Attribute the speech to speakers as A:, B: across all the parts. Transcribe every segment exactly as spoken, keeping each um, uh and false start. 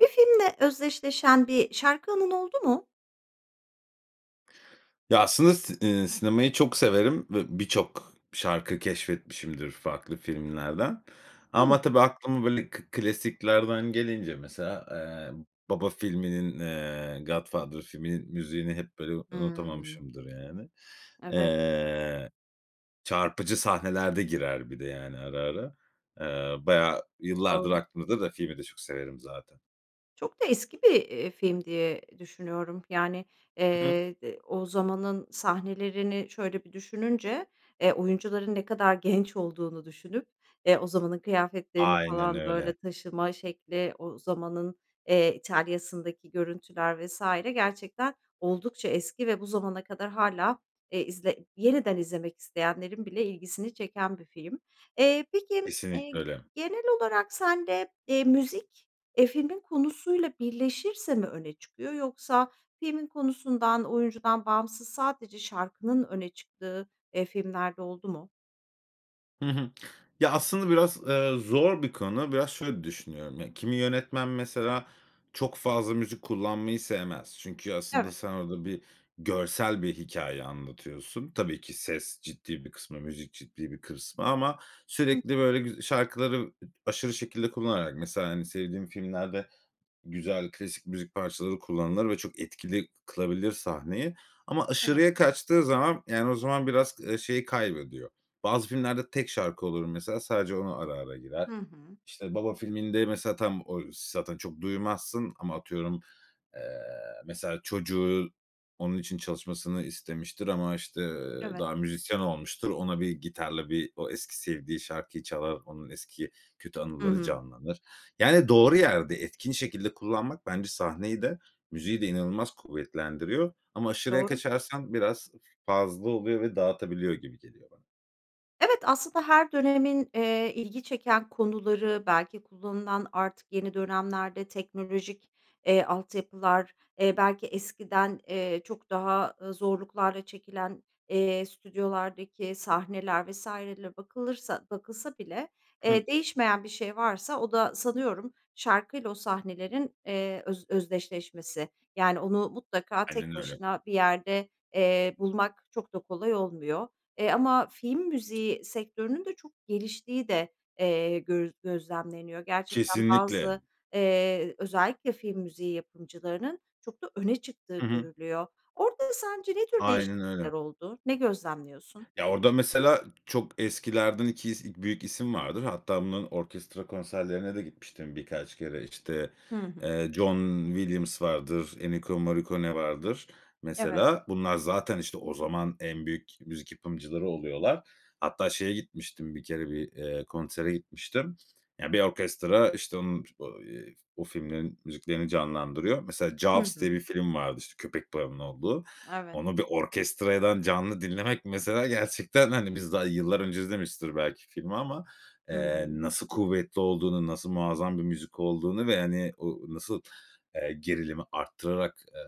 A: Bir filmle özdeşleşen bir şarkı anın oldu mu?
B: Ya, aslında si eee, sinemayı çok severim ve birçok şarkı keşfetmişimdir farklı filmlerden
A: Hıı.
B: ama tabii aklıma böyle k klasiklerden gelince mesela, eee, "Baba" filminin, eee, "Godfather" filminin müziğini hep böyle u
A: Hıı.
B: unutamamışımdır, yani.
A: Evet.
B: Eee, çarpıcı sahnelerde girer bir de yani ara, ara. Eee, bayağı, yıllardır
A: Doğru.
B: aklımda da filmi de çok severim zaten.
A: Çok da eski bir, eee, film diye düşünüyorum yani,
B: Hı hı.
A: eee, d o zamanın sahnelerini şöyle bir düşününce, eee, oyuncuların ne kadar genç olduğunu düşünüp, eee, o zamanın kıyafetlerini
B: Aynen
A: falan,
B: öyle.
A: böyle, taşıma şekli, o zamanın, eee, İtalya'sındaki görüntüler vs. Gerçekten oldukça eski ve bu zamana kadar hâlâ, eee, izle yeniden izlemek isteyenlerin bile ilgisini çeken bir film. Eee, peki, eee,
B: Kesinlikle
A: g
B: öyle.
A: genel olarak sen de, eee, müzik, eee, filmin konusuyla birleşirse mi öne çıkıyor, yoksa filmin konusundan, oyuncudan bağımsız sadece şarkının öne çıktığı, eee, filmler de oldu mu?
B: Hı hı. Ya, aslında biraz, ııı, zor bir konu. Biraz şöyle düşünüyorum. Ya, kimi yönetmen mesela çok fazla müzik kullanmayı sevmez. Çünkü aslında
A: Evet.
B: sen orada bir görsel bir hikâye anlatıyorsun. Tabii ki, ses ciddi bir kısmı, müzik ciddi bir kısmı ama
A: Hı
B: sürekli
A: hı.
B: böyle güz şarkıları, ııı, aşırı şekilde kullanarak, mesela, hani, sevdiğim filmlerde güzel, klasik müzik parçaları kullanılır ve çok etkili kılabilir sahneyi. Ama
A: Evet.
B: aşırıya kaçtığı zaman, yani, o zaman biraz, ııı, şeyi kaybediyor. Bazı filmlerde tek şarkı olur mesela sadece ona ara, ara girer.
A: Hı hı.
B: İşte, "Baba" filminde mesela tam o zaten çok duymazsın ama atıyorum, eee, mesela çocuğu onun için çalışmasını istemiştir ama, işte, eee,
A: Evet.
B: daha müzisyen olmuştur. Ona bir gitarla bir o eski sevdiği şarkıyı çalar. Onun eski kötü
A: Hı
B: anıları
A: hı.
B: canlanır. Yani, doğru yerde, etkin şekilde kullanmak bence sahneyi de, müziği de inanılmaz kuvvetlendiriyor ama aşırıya
A: Doğru.
B: kaçarsan biraz f-fazla oluyor ve dağıtabiliyor gibi geliyor bana.
A: Evet, aslında her dönemin, ııı, ilgi çeken konuları, belki kullanılan artık yeni dönemlerde teknolojik, eee, altyapılar, eee, belki eskiden, eee, çok daha, ııı, zorluklarla çekilen, eee, stüdyolardaki sahneler vs. ler bakılırsa bakılsa bile,
B: Hı hı.
A: eee, değişmeyen bir şey varsa o da sanıyorum şarkıyla o sahnelerin, eee, öz özdeşleşmesi. Yani, onu mutlaka tek
B: Aynen öyle.
A: başına bir yerde, eee, bulmak çok da kolay olmuyor, eee, ama film müziği sektörünün de çok geliştiği de, eee, göz gözlemleniyor. Gerçekten
B: Kesinlikle.
A: bazı, eee, özellikle film müziği yapımcılarının çok da öne çıktığı
B: Hı hı.
A: görülüyor. Orada sence ne tür
B: Aynen öyle.
A: değişiklikler oldu? Ne gözlemliyorsun?
B: Ya, orada mesela çok eskilerden iki is büyük isim vardır. Hatta bunun orkestra konserlerine de gitmiştim birkaç kere. İşte,
A: Hı hı.
B: ııı, John Williams vardır, Ennio Morricone vardır
A: Evet.
B: mesela. Bunlar zaten, işte, o zaman en büyük müzik yapımcıları oluyorlar. Hatta şeye gitmiştim bir kere, bir, eee, konsere gitmiştim. Ya, bir orkestra, işte, onun o, ııı, o filmlerin müziklerini canlandırıyor. Mesela
A: Hı
B: "Jaws" diye
A: hı.
B: bir film vardı. İşte, köpek balığının olduğu.
A: Evet.
B: Onu bir orkestrayadan canlı dinlemek mesela gerçekten, hani, biz daha yıllar önce izlemişizdir belki filmi ama,
A: Hı
B: eee,
A: hı.
B: nasıl kuvvetli olduğunu, nasıl muazzam bir müzik olduğunu ve, hani, o nasıl, eee, gerilimi arttırarak, eee,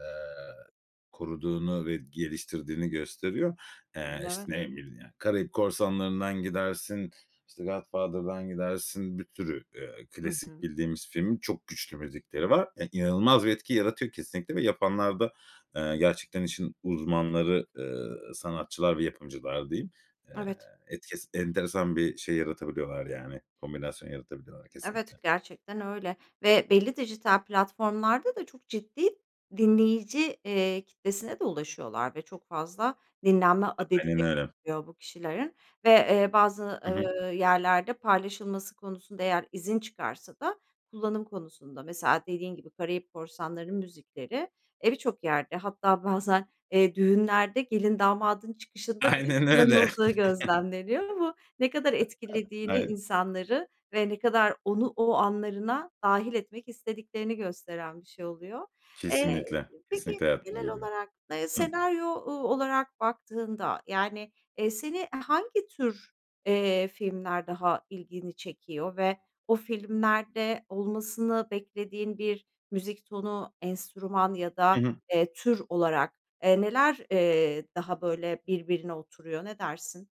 B: koruduğunu ve geliştirdiğini gösteriyor. Eee, işte,
A: [unintelligible]
B: ne bileyim ya, "Karayip Korsanları'ndan" gidersin, işte, "The Godfather'dan" gidersin, bir sürü, eee,
A: Hı
B: klasik
A: hı.
B: bildiğimiz filmin çok güçlü müzikleri var. E, inanılmaz bir etki yaratıyor kesinlikle ve yapanlar da, ııı, gerçekten işin uzmanları, ııı, sanatçılar ve yapımcılar diyeyim. Eee,
A: Evet.
B: etkes enteresan bir şey yaratabiliyorlar yani kombinasyon yaratabiliyorlar
A: Evet,
B: kesinlikle.
A: gerçekten öyle ve belli dijital platformlarda da çok ciddi dinleyici, eee, kitlesine de ulaşıyorlar ve çok fazla dinlenme adedi
B: Aynen
A: de
B: öyle.
A: oluyor bu kişilerin ve, ııı, bazı,
B: Hı hı.
A: ııı, yerlerde paylaşılması konusunda, eğer izin çıkarsa da kullanım konusunda mesela dediğin gibi Karayip Korsanları'nın müzikleri, eee, bir çok yerde hatta bazen, eee, düğünlerde gelin, damadın çıkışında bile
B: Aynen öyle.
A: kullanıldığı gözlemleniyor ama ne kadar etkilediğini
B: Aynen.
A: insanları ve ne kadar onu o anlarına dâhil etmek istediklerini gösteren bir şey oluyor. Eee,
B: Kesinlikle,
A: peki,
B: kesinlikle hayatımıza
A: genel
B: giriyor.
A: olarak, ııı,
B: Hıı.
A: senaryo, ooo, olarak baktığında, yani, eee, seni, eee, hangi tür, eee, filmler daha ilgini çekiyor ve o filmlerde olmasını beklediğin bir müzik tonu, enstrüman ya
B: Hı
A: da,
B: hı.
A: eee, tür olarak, eee, neler, eee, daha böyle birbirine oturuyor, ne dersin?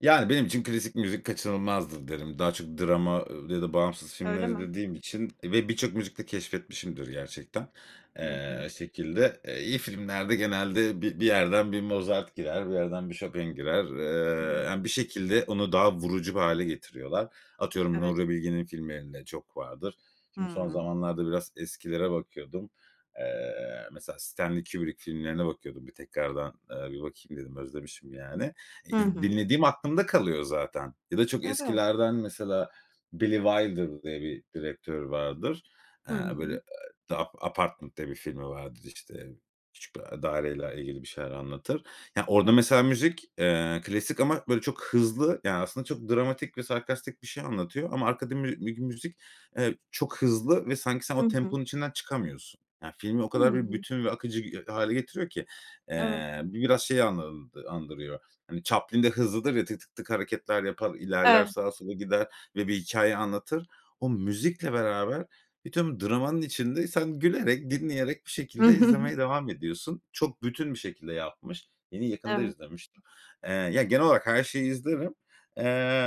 B: Yani, benim için klasik müzik kaçınılmazdır, derim. Daha çok drama ya da bağımsız filmler
A: Öyle mi?
B: izlediğim için, eee, ve birçok müzik de keşfetmişimdir gerçekten.
A: Hı hı.
B: Eee, şekilde, iyi filmlerde genelde bir bir yerden bir Mozart girer, bir yerden bir Chopin girer. Eee,
A: [unintelligible]
B: yani, bir şekilde onu daha vurucu bir hâle getiriyorlar. Atıyorum,
A: Evet.
B: Nuri Bilge'nin filmlerinde çok vardır. Şimdi, son
A: Hıı.
B: zamanlarda biraz eskilere bakıyordum. Eee, mesela Stanley Kubrick filmlerine bakıyordum. Bir tekrardan, eee, bir bakayım dedim. Özlemişim, yani. Eee,
A: Hı hı.
B: dinlediğim aklımda kalıyor zaten. Ya da çok
A: Evet.
B: eskilerden mesela Billy Wilder diye bir direktör vardır. Eee,
A: Hı
B: böyle,
A: hı.
B: eee, "The Ap Apartment" diye bir filmi vardır, işte. Küçük bir, eee, daireyle ilgili bir şeyler anlatır. Ya, orada
A: Yani.
B: mesela müzik, eee, klasik ama, böyle, çok hızlı. Yani, aslında çok dramatik ve sarkastik bir şey anlatıyor ama arkada mü bir müzik, eee, çok hızlı ve, sanki, sen
A: Hı
B: o
A: hı.
B: temponun içinden çıkamıyorsun. Yani, filmi o
A: Hı
B: kadar bir
A: hı.
B: bütün ve akıcı h hâle getiriyor ki,
A: Evet.
B: eee, bu biraz şey anl andırıyor. Hani, Chaplin de hızlıdır ya, tık tık tık hareketler yapar, ilerler,
A: Evet.
B: sağa, sola gider ve bir hikâye anlatır. O müzikle beraber bütün dramanın içinde, sen gülerek, dinleyerek bir şekilde izlemeye devam ediyorsun. Çok bütün bir şekilde yapmış. Yine, yakında
A: Evet.
B: izlemiştim. Eee, ya, genel olarak her şeyi izlerim, eee,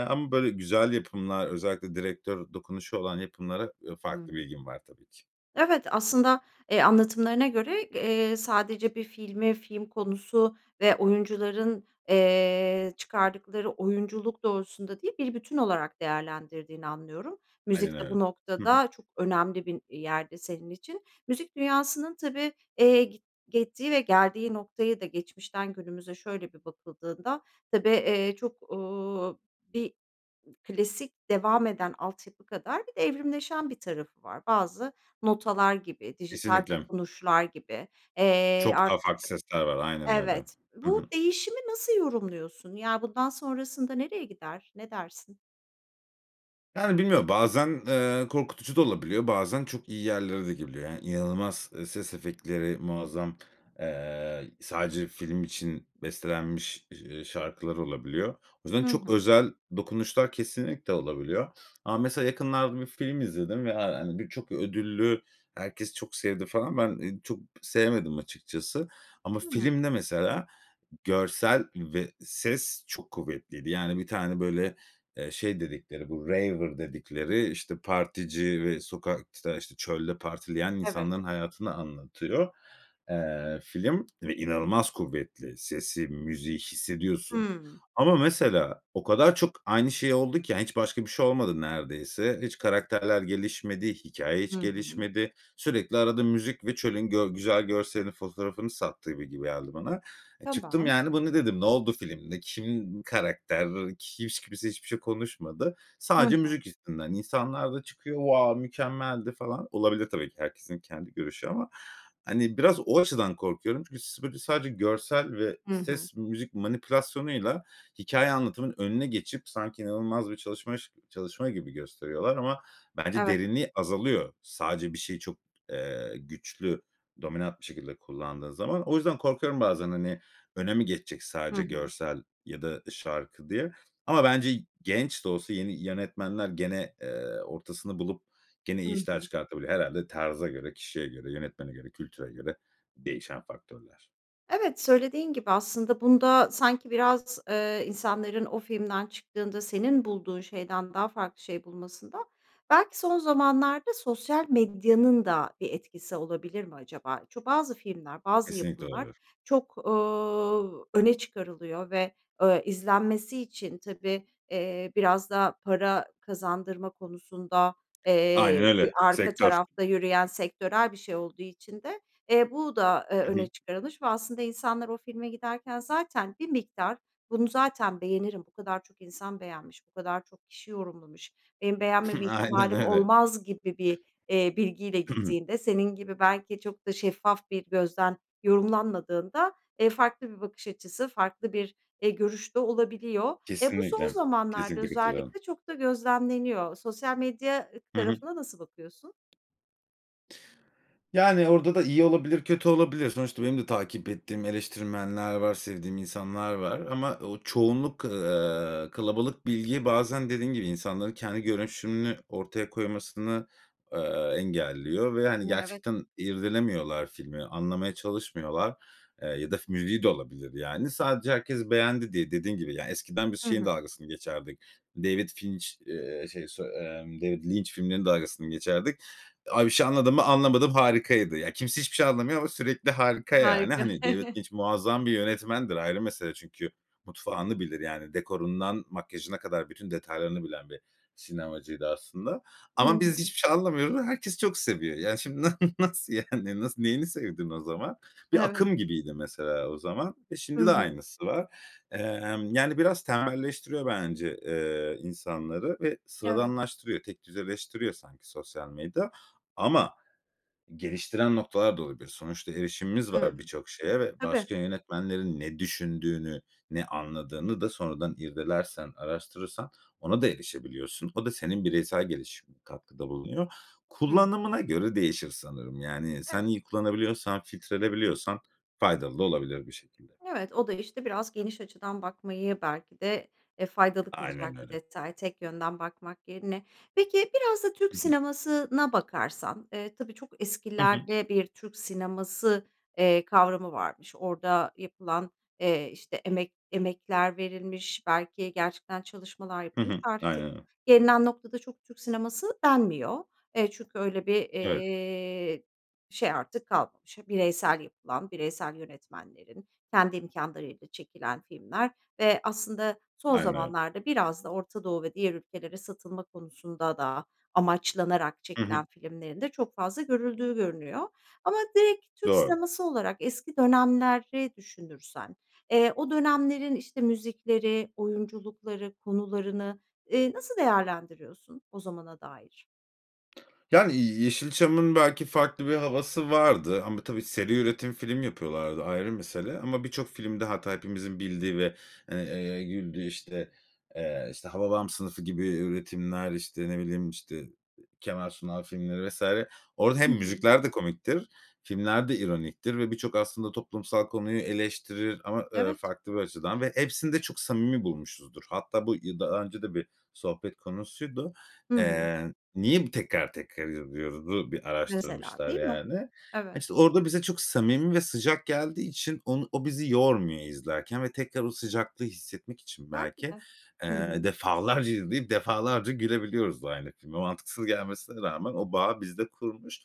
B: ama böyle güzel yapımlar, özellikle direktör dokunuşu olan yapımlara, eee, farklı bir
A: Hı.
B: ilgim var, tabii ki.
A: Evet. Aslında, eee, anlatımlarına göre, eee, sadece bir filmi, film konusu ve oyuncuların, eee, çıkardıkları oyunculuk doğrultusunda değil, bir bütün olarak değerlendirdiğini anlıyorum.
B: Aynen
A: Müzik de
B: öyle.
A: bu
B: Hı hı.
A: noktada çok önemli bir yerde senin için. Müzik dünyasının tabii, eee, gi gittiği ve geldiği noktaya da geçmişten günümüze şöyle bir bakıldığında tabii, eee, çok, ooo, bir klasik devam eden altyapı kadar bir de evrimleşen bir tarafı var. Bazı notalar gibi, dijital
B: Kesinlikle.
A: dokunuşlar gibi. Eee,
B: Çok daha
A: artık
B: farklı sesler var, aynen öyle.
A: Evet.
B: Hı
A: Bu
B: hı.
A: değişimi nasıl yorumluyorsun? Yani, bundan sonrasında nereye gider, ne dersin?
B: Yani, bilmiyorum, bazen, eee, korkutucu da olabiliyor, bazen çok iyi yerlere de gelebiliyor. Yani, inanılmaz, eee, ses efektleri muazzam. Eee, sadece film için bestelenmiş, eee, şarkılar olabiliyor. O yüzden
A: Hı
B: çok
A: hı.
B: özel dokunuşlar kesinlikle olabiliyor ama mesela yakınlarda bir film izledim ve, ya, hani, birçok ödüllü, herkes çok sevdi, falan. Ben, eee, çok sevmedim açıkçası. Ama
A: Hıı.
B: filmde mesela görsel ve ses çok kuvvetliydi. Yani, bir tane, böyle, eee, şey dedikleri, bu raver dedikleri, işte, partici ve sokakta, işte, çölde partileyen
A: Evet.
B: insanların hayatını anlatıyor. Eee, film ve inanılmaz kuvvetli sesi, müziği hissediyorsun
A: Hıı.
B: ama mesela o kadar çok aynı şey oldu ki, yani, hiç başka bir şey olmadı neredeyse. Hiç karakterler gelişmedi, hikâye
A: Hı
B: hiç
A: hı.
B: gelişmedi. Sürekli, arada müzik ve çölün gö güzel görselinin fotoğrafını sattı gibi geldi bana. Çıktım,
A: Tamam.
B: yani, "Bu ne?" dedim. Ne oldu filmde? Kim karakter? Kims hiç kimse hiçbir şey konuşmadı.
A: Hı
B: Sadece
A: hı.
B: müzik yüzünden. İnsanlar da çıkıyor, wow, mükemmeldi falan. Olabilir, tabii ki, herkesin kendi görüşü ama. Hani, biraz o açıdan korkuyorum çünkü s böyle, sadece görsel ve
A: Hı hı.
B: ses, müzik manipülasyonuyla hikâye anlatımının önüne geçip sanki inanılmaz bir çalışmaş çalışma gibi gösteriyorlar ama bence
A: Evet.
B: derinliği azalıyor. Sadece bir şeyi çok, eee, güçlü, dominant bir şekilde kullandığın zaman. O yüzden korkuyorum bazen, hani, öne mi geçecek
A: Hı
B: sadece
A: hı.
B: görsel ya da şarkı diye. Ama bence genç de olsa, yeni yönetmenler gene, eee, ortasını bulup gene
A: Hı
B: iyi işler
A: hı.
B: çıkartabilir. Herhâlde tarza göre, kişiye göre, yönetmene göre, kültüre göre değişen faktörler.
A: Evet, söylediğin gibi aslında bunda sanki biraz, eee, insanların o filmden çıktığında senin bulduğun şeyden daha farklı şey bulmasında belki son zamanlarda sosyal medyanın da bir etkisi olabilir mi acaba? Çü bazı filmler, bazı
B: Kesinlikle
A: yapımlar
B: olabilir.
A: çok, ooo, öne çıkarılıyor ve, ö izlenmesi için tabii, eee, biraz da para kazandırma konusunda,
B: Aynen
A: eee, bir
B: öyle,
A: arka
B: sektör.
A: tarafta yürüyen sektörel bir şey olduğu için de, eee, bu da, e,
B: Hı hı.
A: öne çıkarılmış ve aslında insanlar o filme giderken zaten bir miktar, bunu zaten beğenirim, bu kadar çok insan beğenmiş, bu kadar çok kişi yorumlamış, benim beğenmeme
B: Aynen
A: ihtimalim
B: öyle.
A: olmaz gibi bir, eee, bilgiyle gittiğinde senin gibi belki çok da şeffaf bir gözden yorumlanmadığında, e, farklı bir bakış açısı, farklı bir, e, görüş de olabiliyor. E, bu son
B: Kesinlikle,
A: zamanlarda
B: kesinlikle katılıyorum.
A: özellikle çok da gözlemleniyor. Sosyal medya
B: Hı hı.
A: tarafına nasıl bakıyorsun?
B: Yani, orada da iyi olabilir, kötü olabilir. Sonuçta benim de takip ettiğim eleştirmenler var, sevdiğim insanlar var ama o çoğunluk, eee, kalabalık bilgiyi bazen dediğin gibi insanların kendi görüşünü ortaya koymasını, eee, engelliyor ve ,hani,
A: Evet.
B: gerçekten irdelemiyorlar filmi, anlamaya çalışmıyorlar, eee, ya da fi müziği de olabilir, yani. Sadece herkes beğendi diye. Dediğin gibi, yani, eskiden biz
A: Hı
B: şeyin
A: hı.
B: dalgasını geçerdik, David Finch eee, şey, sö eee, David Lynch filmlerinin dalgasını geçerdik. Abi, bir şey anlamadın mı? Anlamadım, harikaydı. Ya, kimse hiçbir şey anlamıyor ama sürekli harika yani.
A: Harika.
B: Hani, David Lynch muazzam bir yönetmendir, ayrı mesele çünkü. Mutfağını bilir, yani, dekorundan makyajına kadar bütün detaylarını bilen bir sinemacıydı aslında.
A: Hı
B: Ama biz
A: hı.
B: hiçbir şey anlamıyoruz ama herkes çok seviyor. Yani, şimdi nasıl, nasıl yani? Nasıl, neyini sevdin o zaman? Bir
A: Evet.
B: akım gibiydi mesela o zaman. E,
A: Hı
B: şimdi de
A: hı.
B: aynısı var. Emm, yani, biraz temelleştiriyor bence, eee, insanları ve
A: Evet.
B: sıradanlaştırıyor. Tek düz eleştiriyor sanki sosyal medya ama geliştiren noktalar da olabilir. Sonuçta erişimimiz var
A: Hımm.
B: birçok şeye ve
A: Tabii.
B: başka yönetmenlerin ne düşündüğünü, ne anladığını da sonradan irdelersen, araştırırsan ona da erişebiliyorsun. O da senin bireysel gelişimine katkıda bulunuyor.
A: Hıı.
B: Kullanımına göre değişir sanırım, yani, sen
A: Evet.
B: iyi kullanabiliyorsan, filtreleyebiliyorsan faydalı da olabilir bu şekilde.
A: Evet, o da, işte, biraz geniş açıdan bakmayı belki de, e, faydalı
B: Aynen
A: kılacak bir
B: öyle.
A: detay, tek yönden bakmak yerine. Peki, biraz da Türk
B: Hı hı.
A: sinemasına bakarsan, eee, tabii çok
B: Hı hı.
A: eskilerde bir Türk sineması, eee, kavramı varmış. Orada yapılan, eee, işte, emek emekler verilmiş, belki gerçekten çalışmalar
B: Hı
A: yapılmış.
B: hı,
A: Artık
B: aynen.
A: gelinen noktada çok Türk sineması denmiyor. E, çünkü öyle bir,
B: Evet.
A: eee, şey artık kalmamış. Hep bireysel yapılan, bireysel yönetmenlerin, kendi imkânlarıyla çekilen filmler ve aslında son
B: Aynen.
A: zamanlarda biraz da Orta Doğu ve diğer ülkelere satılma konusunda da amaçlanarak
B: Hı hı.
A: çekilen filmlerin de çok fazla görüldüğü görünüyor. Ama direkt Türk
B: Doğru.
A: sineması olarak eski dönemleri düşünürsen, eee, o dönemlerin, işte, müzikleri, oyunculukları, konularını, eee, nasıl değerlendiriyorsun o zamana dair?
B: Yani, Yeşilçam'ın belki farklı bir havası vardı ama tabii seri üretim film yapıyorlardı, ayrı mesele ama birçok filmde hatta hepimizin bildiği ve, eee, güldüğü, işte, eee, işte, "Hababam Sınıfı" gibi üretimler, işte, ne bileyim, işte, Kemal Sunal filmleri vs. Orada hem
A: Hı hı.
B: müzikler de komiktir, filmler de ironiktir ve birçok aslında toplumsal konuyu eleştirir ama, eee,
A: Evet.
B: farklı bir açıdan ve hepsini de çok samimi bulmuşuzdur. Hatta bu yı daha önce de bir sohbet konusuydu.
A: Hı hı.
B: Eee, "Niye bu tekrar tekrar izliyoruz?"u bir
A: Mesela.
B: araştırmışlar,
A: Değil mi?
B: yani. Hani,
A: Evet.
B: işte, orada bize çok samimi ve sıcak geldiği için onu o bizi yormuyor izlerken ve tekrar o sıcaklığı hissetmek için
A: Belki
B: belki,
A: de. Hı
B: eee,
A: hı.
B: defalarca izleyip defalarca gülebiliyoruz da aynı filme. Mantıksız gelmesine rağmen o bağı bizde kurmuş.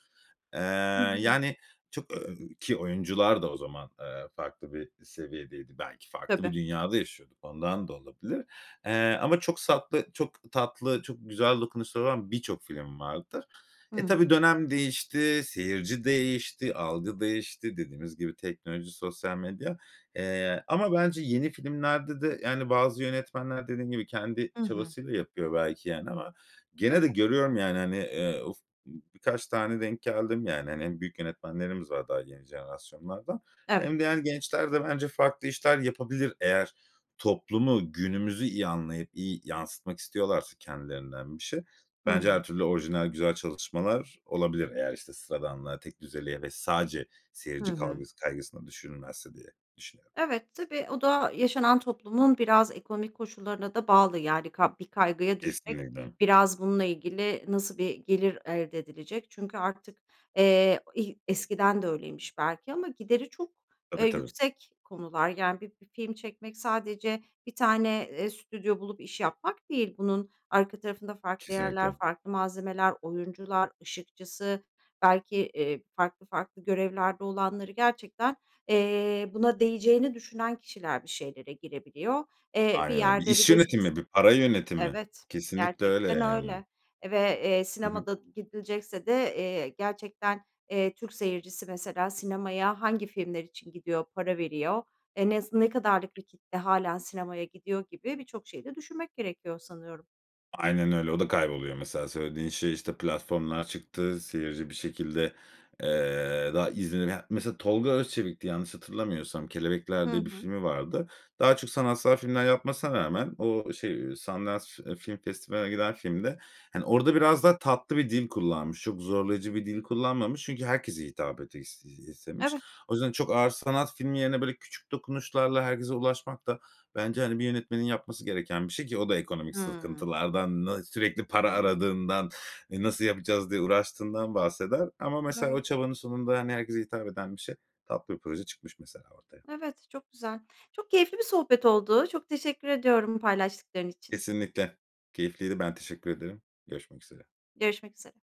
B: Eee,
A: Hı hı.
B: yani, çok, ööö, ki oyuncular da o zaman, eee, farklı bir seviyedeydi. Belki farklı
A: Tabii.
B: bir dünyada yaşıyorduk, ondan da olabilir. Eee, ama çok satlı çok tatlı, çok güzel dokunuşları olan birçok film vardır.
A: Hı
B: E, tabii
A: hı.
B: dönem değişti, seyirci değişti, algı değişti dediğimiz gibi, teknoloji, sosyal medya, eee, ama bence yeni filmlerde de, yani, bazı yönetmenler dediğim gibi, kendi
A: I hı.
B: çabasıyla yapıyor belki, yani, ama gene
A: Öyle.
B: de görüyorum, yani, hani, eee, uf, birkaç tane denk geldim, yani. Hani, hem büyük yönetmenlerimiz var daha yeni jenerasyonlardan
A: Evet.
B: hem diğer gençler de bence farklı işler yapabilir eğer toplumu, günümüzü iyi anlayıp iyi yansıtmak istiyorlarsa kendilerinden bir şey.
A: Hı
B: Bence her
A: hı.
B: türlü orijinal, güzel çalışmalar olabilir. Eğer, işte, sıradanlığa, tekdüzeliğe ve sadece
A: Hı
B: seyirci
A: hı.
B: kalgıs kaygısında düşünülmezse diye düşünüyorum.
A: Evet, tabii o da yaşanan toplumun biraz ekonomik koşullarına da bağlı, yani, kab bir kaygıya düşmek,
B: Kesinlikle.
A: biraz bununla ilgili nasıl bir gelir elde edilecek? Çünkü artık, eee, ih eskiden de öyleymiş belki ama gideri çok, eee,
B: Tabii, tabii.
A: yüksek konular. Yani, bi bir film çekmek sadece bir tane, eee, stüdyo bulup iş yapmak değil, bunun arka tarafında farklı yerler,
B: Kesinlikle.
A: farklı malzemeler, oyuncular, ışıkçısı, belki, eee, farklı farklı görevlerde olanları gerçekten, eee, buna değeceğini düşünen kişiler bir şeylere girebiliyor. Eee, bir
B: Aynen, bir
A: yerde bir
B: iş
A: de siz
B: yönetimi, bir para yönetimi.
A: Evet,
B: Kesinlikle öyle,
A: gerçekten
B: yani.
A: öyle ve, eee,
B: Hı hı.
A: sinemada gidilecekse de, eee, gerçekten, eee, Türk seyircisi mesela sinemaya hangi filmler için gidiyor, para veriyor? Eee, nes ne kadarlık bir kitle hâlâ sinemaya gidiyor gibi birçok şeyi de düşünmek gerekiyor sanıyorum.
B: Aynen öyle, o da kayboluyor mesela. Söylediğin şey, işte, platformlar çıktı, seyirci bir şekilde, eee, daha izlenen Mesela Tolga Özçelik'ti yanlış hatırlamıyorsam, "Kelebekler"
A: Hı
B: diye bir
A: hı.
B: filmi vardı. Daha çok sanatsal filmler yapmasına rağmen o şey Sundance, eee, Film Festivali'ne giden filmde, hani, orada biraz daha tatlı bir dil kullanmış. Çok zorlayıcı bir dil kullanmamış çünkü herkese hitap etis iii, istemiş.
A: Evet.
B: O yüzden çok ağır sanat filmi yerine, böyle, küçük dokunuşlarla herkese ulaşmak da bence, hani, bir yönetmenin yapması gereken bir şey ki o da ekonomik
A: Hımm.
B: sıkıntılardan, na sürekli para
A: Tabii.
B: aradığından, "E, nasıl yapacağız?" diye uğraştığından bahseder. Ama mesela
A: Evet.
B: o çabanın sonunda, hani, herkese hitap eden bir şey, tatlı bir proje çıkmış mesela ortaya.
A: Evet, çok güzel. Çok keyifli bir sohbet oldu, çok teşekkür ediyorum bu paylaştıkların için.
B: Kesinlikle. Keyifliydi. Ben teşekkür ederim. Görüşmek üzere.
A: Görüşmek üzere.